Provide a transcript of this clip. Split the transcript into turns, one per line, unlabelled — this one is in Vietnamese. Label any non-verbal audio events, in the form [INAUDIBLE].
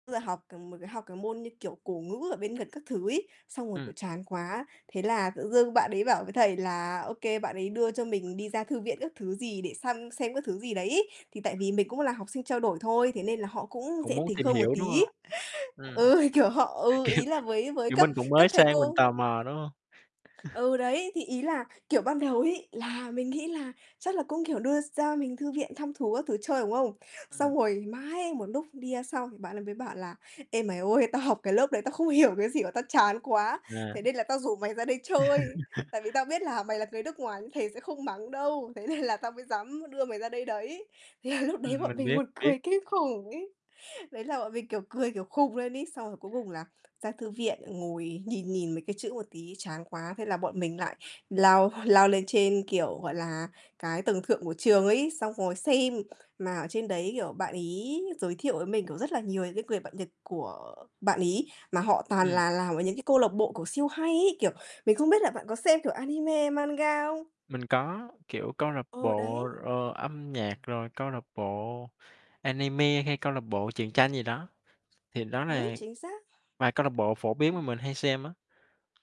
Bây giờ học c một cái học cái môn, như kiểu, cổ ngữ ở bên Nhật gần các thứ ấy, xong rồi,
Ừm.
kiểu, chán quá, thế là tự dưng bạn đấy bảo với thầy là, OK bạn ấy đưa cho mình đi ra thư viện các thứ gì để săn xem các thứ gì đấy ấy. Thì tại vì mình cũng là học sinh trao đổi thôi, thế nên là họ cũng
Cũng
dễ
muốn
tính
tìm
hơn một
hiểu, đúng hông?
tí.
Ừm. Kiểu,
Ừ, kiểu họ, ừ, ý là với với
kiểu,
các
mình cũng
các
mới
thầy
sang mình
cô
tò mò, đúng hông? [CHUCKLES]
Ừ, đấy, thì ý là, kiểu, ban đầu ấy, là mình nghĩ là chắc là cũng, kiểu, đưa ra mình thư viện thăm thú các thứ chơi, đúng không? Xong
Ừm.
rồi mãi một lúc đi ra xong bạn ấy mới bảo là "Ê, mày ơi, tao học cái lớp đấy, tao không hiểu cái gì và tao chán quá.
À.
Thế nên là tao rủ mày ra đây chơi.
[LAUGHS]
Tại vì tao biết là mày là người nước ngoài nên thầy sẽ không mắng đâu. Thế nên là tao mới dám đưa mày ra đây đấy." Thế là lúc đấy
Ừm,
bọn
mình biết,
mình
mình
buồn
biết.
cười kinh khủng ấy. Đấy là bọn mình, kiểu, cười, kiểu, khùng lên ấy. Xong rồi cuối cùng là ra thư viện ngồi nhìn nhìn mấy cái chữ một tí chán quá. Thế là bọn mình lại lao lao lên trên, kiểu, gọi là, cái tầng thượng của trường ấy, xong ngồi xem, mà ở trên đấy, kiểu, bạn ấy giới thiệu với mình cũng rất là nhiều những cái người bạn Nhật của bạn ấy, mà họ toàn
Ừm.
là làm ở những cái câu lạc bộ, kiểu, siêu hay ấy, kiểu, mình không biết là bạn có xem, kiểu, anime, manga không?
Mình có, kiểu, câu lạc
Ờ,
bộ,
đấy.
ờ, âm nhạc rồi câu lạc bộ anime hay câu lạc bộ truyện tranh gì đó. Thì đó là
Ối, chính xác.
vài câu lạc bộ phổ biến mà
Ừm.
mình hay xem á.